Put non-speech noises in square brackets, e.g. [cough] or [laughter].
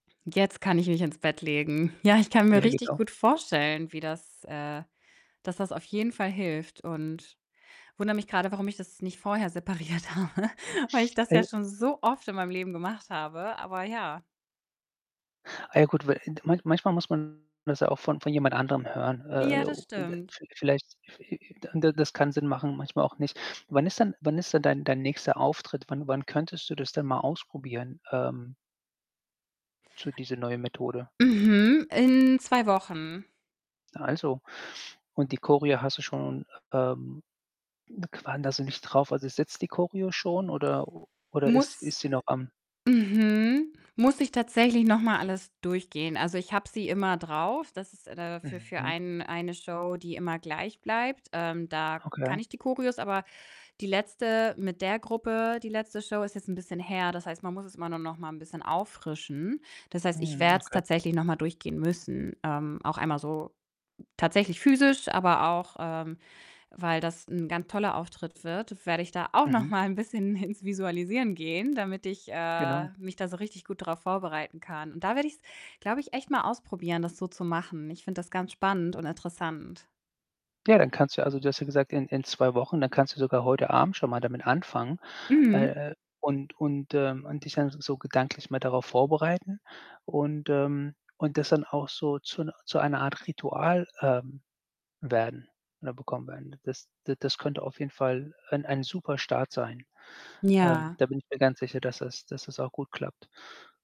Jetzt kann ich mich ins Bett legen. Ja, ich kann mir Ja, richtig genau. gut vorstellen, wie das, äh dass das auf jeden Fall hilft und wundere mich grade, warum ich das nicht vorher separiert habe, weil ich das ja [unintelligible] schon so oft in meinem Leben gemacht habe, aber ja. Ah, ja gut, weil, ind manch manchmal muss man das ja auch von von jemand anderem hören. Äh, Ja, das inde stimmt. viel vielleicht, hi hi dann dann das kann Sinn machen, manchmal auch nicht. Wann ist denn wann ist denn dein dein nächster Auftritt? Wann Wann könntest du das denn mal ausprobieren, ähm so diese neue Methode? Mhm, in 2 Wochen. Na also. Und die Choreo hast du schon, ähm, [unintelligible] so nicht drauf. Also, sitzt die Choreo schon, oder oder ist Muss, ist sie noch am äh mhm, muss ich tatsächlich noch mal alles durchgehen. Also, ich habe sie immer drauf. Das ist da dafür für Mhm. einen eine Show, die immer gleich bleibt. Ähm, da kann Okay. ich die Choreos, aber die letzte mit der Gruppe, die letzte Show ist jetzt 'n bisschen her. Das heißt, man muss es immer nur noch mal 'n bisschen auffrischen. Das heißt, ich Mhm, werde es okay. tatsächlich noch mal durchgehen müssen. Ähm, auch einmal so tatsächlich physisch, aber auch, ähm, weil das 'n ganz toller Auftritt wird, werde ich da auch noch Mhm. mal 'n bisschen ins Visualisieren gehen, damit ich, äh, Genau. mich da so richtig gut drauf vorbereiten kann und da werde ich's, glaube ich, echt mal ausprobieren, das so zu machen. Ich finde das ganz spannend und interessant. Ja, dann kannst du, also du hast ja gesagt, in in 2 Wochen, dann kannst du sogar heute Abend schon mal damit anfangen, Mhm. äh, äh, und und, ähm, und dich dann so gedanklich mal darauf vorbereiten und, ähm und das dann auch so zu 'ner zu einer Art Ritual, ähm, werden oder bekommen werden. Das d das könnte auf jeden Fall ein ein super Start sein. Ähm, Ja. da bin ich mir ganz sicher, dass das dass das auch gut klappt.